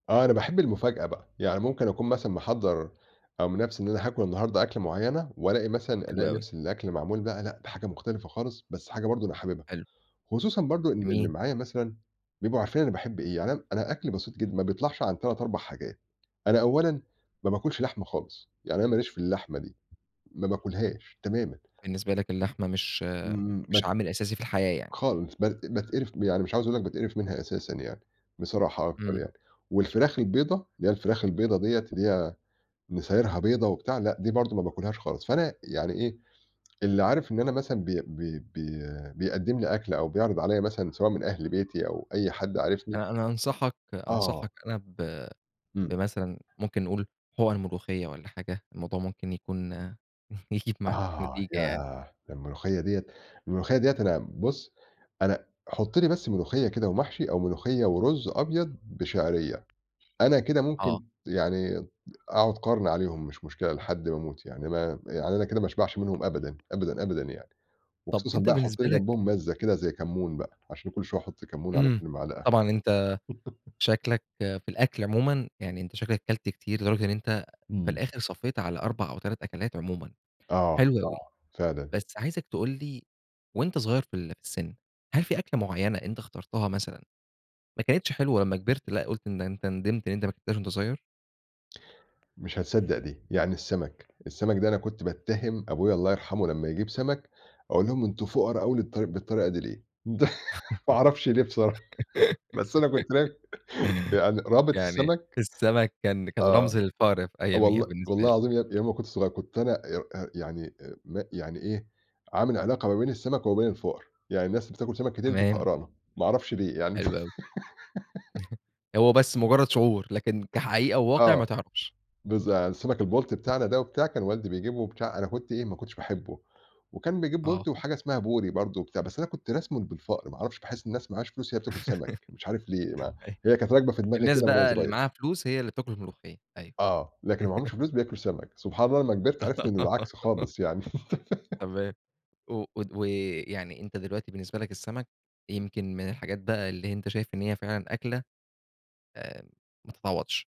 آه، أنا باحب المفاجأة بقى، يعني ممكن أكون مثلًا محضَّر أو من نَفسي إن أنا هاكل النهاردة أكلة معيّنة وألاقي مثلًا حلو ألاقي أوي. نَفس الأكل معمول بقى، لأ ده حاجة مختلفة خالص، بس حاجة برضه أنا حاببها، حلو. خصوصًا برضه إن اللي آمين. معايا مثلًا بيبقوا عارفين أنا باحب إيه، يعني أنا أنا أكلي بسيط جدًا، ما بيطلَعش عن 3، 4 حاجات. أنا أولًا ما باكلش لحمة خالص، يعني أنا ما ليش في اللحمة دي، ما باكلهاش تمامًا. بالنسبة لك اللحمة مش إمم، إمم، مش بت عامل أساسي في الحياة يعني. خالص، بت إ باتقرِف يعني مش عاوز أقول إن أنا باتقرِف منها أساسًا يعني، بصراحة أكتر إمم. يعني. والفراخ البيضا، اللي هي الفراخ البيضا دِيَّة اللي هي نسايرها بيضا وبتاع، لأ، دي برضه ما باكلهاش خالص. فأنا يعني إيه، اللي عارف إن أنا مثلًا بي بي بي بيقدّم لي أكل أو بيعرِض عليَّ مثلًا سواء من أهل بيتي أو أي حد عارفني آآ، أنا أنصحك آه. أنصحك أنا ب إمم. بمثلًا ممكن نقول، حُقَن ملوخية والّا حاجة، الموضوع ممكن يكون يجيب معاك آه، نتيجة يعني. ياه، ده الملوخية دِيَّة الملوخية دِيَّة أنا بُص أنا حُط لي بس ملوخية كده ومحشي أو ملوخية ورز أبيض بشعرية، أنا كده آه. ممكن يعني د أقعُد قَرن عليهم، مش مشكلة لحد ما أموت يعني، ما يعني أنا كده ما أشبَعش منّهم أبدًا، أبدًا، أبدًا، يعني طب وخصوصًا أنت بقى حٌط بالنسبة لي لك جنبهم مَزّة كده زي كمون بقى، عشان كل شوية أحُط كمون على إمم، كل مَعلقة. طبعًا أنت شكلَك في الأكل عمومًا، يعني أنت شكلَك أكلت كتير لدرجة إن أنت في إمم. الآخر صفّيت على 4 أو 3 أكلات عمومًا. آه، حلو أوي، آه، فعلًا. بس عايزك تقول لي وأنت صغير في ال في السن، هل في أكلة معيّنة أنت إخترتها مثلًا ما كنتش حلوة لمّا كبرت لأ قُلت إن أنت ندَمت إن أنت ما اكلتهاش وأنت صغيّر؟ مش هتصدَّق دي. يعني السمك، السمك ده أنا كنت باتَّهِم أبويا- الله يرحمه- لمّا يجيب سمك أقول لهم: "أنتم فُقرا أوي للط بالطريقة دي ليه؟" ما أعرفش ليه بصراحة، بس أنا كنت بك يعني رابط يعني السمك السمك كان كان آه، رمز للفقر في أياميها والله بالنسبة والله لي. العظيم يابني، يوم ما كنت صغير كنت أنا إيؤ أأ يعني أ م يعني إيه، عامل علاقة ما بين السمك وين الفُقرا، يعني الناس بتاكل سمك كتير دي تمام. فقرانة، ما أعرفش ليه يعني. حلو أوي. هو بس مجرّد شعور، لكن كحقيقة وواقع آه، ما تعرفش. بالظ يعني السمك البلطي بتاعنا ده وبتاع كان والدي بيجيبه وبتاع أنا كنت إيه، ما كنتش باحبه، وكان بيجيب آه. بلطي وحاجة اسمها بوري برضه وبتاع، بس أنا كنت راسمه بالفقر، ما أعرفش، باحس الناس اللي معاهاش فلوس هي اللي بتاكل سمك، مش عارف ليه بقى أيوه، هي كانت راكبة في دماغي الناس كده من وأنا بقى اللي صغيّر. معاها فلوس، هي اللي بتاكل الملوخية، أيوَه. آه، لكن اللي معاهمش فلوس بياكلوا سمك- سبحان الله- لمّا كبَرت، عرفت إنه العكس خالص يعني. تمام و ود ويعني أنت دلوقتي بالنسبة لك، السمك يمكن من الحاجات بقي اللي ه أنت شايف إن هي فعلًا أكلة آمم، ما تتعوّضش.